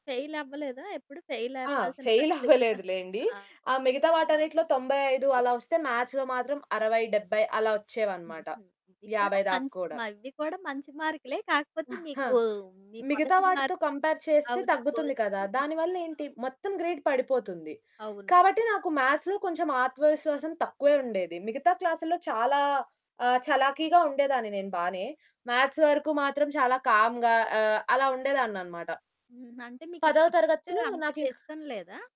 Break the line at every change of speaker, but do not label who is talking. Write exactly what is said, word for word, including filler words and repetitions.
Fail అవ్వలేదా ఎప్పుడు? Fail
ఆ!
అవ్వాల్సిన
ఫెయిల్
పరిస్థితోచ్చిన
అవ్వలేదులెండి.
ఆ!
ఆ మిగతా
ఆ!
వాటన్నిటిలో తొంబై ఐదు అలా
ఓకే.
వస్తే మాథ్స్‌లో మాత్రం అరవై, డెబ్బై అలా వచ్చేవనమాట.
హుహు. ఇవి కూడా
యాభై దాకా
మంచ్
కూడా.
మవి కూడా మంచి మార్కులే. కాకపోతే
ఆ!
మీకు మీ
మిగతా
మొదటి
వాటితో
మార్క్
కంపేర్ చేస్తే
అవును.
తగ్గుతుంది కదా!
పోల్చితే
దాని వల్ల
బాగా
ఏంటి మొత్తం గ్రేడ్ పడిపోతుంది.
అవును.
కాబట్టి నాకు మ్యాథ్స్‌లో కొంచెం ఆత్మవిశ్వాసం తక్కువే ఉండేది. మిగతా క్లాసుల్లో చాలా ఆహ్, చలాకీగా ఉండేదాన్ని నేను బానే. మ్యాథ్స్ వరకు మాత్రం చాలా కామ్‌గా ఆహ్, అలా ఉండేదాననమాట.
హ్మ్. అంటే
పదో
మీకిష్టమంటే
తరగతిలో
అంతగా
నాకింక
ఇష్టం లేదా?